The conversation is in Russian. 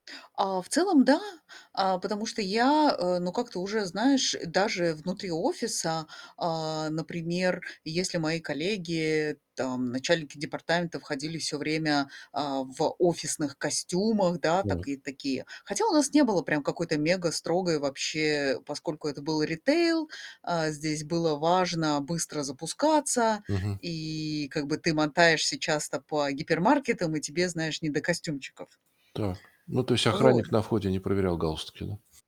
А, в целом да, а, потому что я, э, ну, как-то уже, знаешь, даже внутри офиса, а, например, если мои коллеги, там начальники департамента, входили всё время, а, в офисных костюмах, да, Так. такы такие. Хотя у нас не было прям какой-то мегастрогой вообще, поскольку это был ритейл, э, здесь было важно быстро запускаться, Мгм. и как бы ты мотаешься часто по гипермаркетам, и тебе, знаешь, не до костюмчиков. Так. Ну, то есть охранник Вот. на входе не проверял галстуки, да?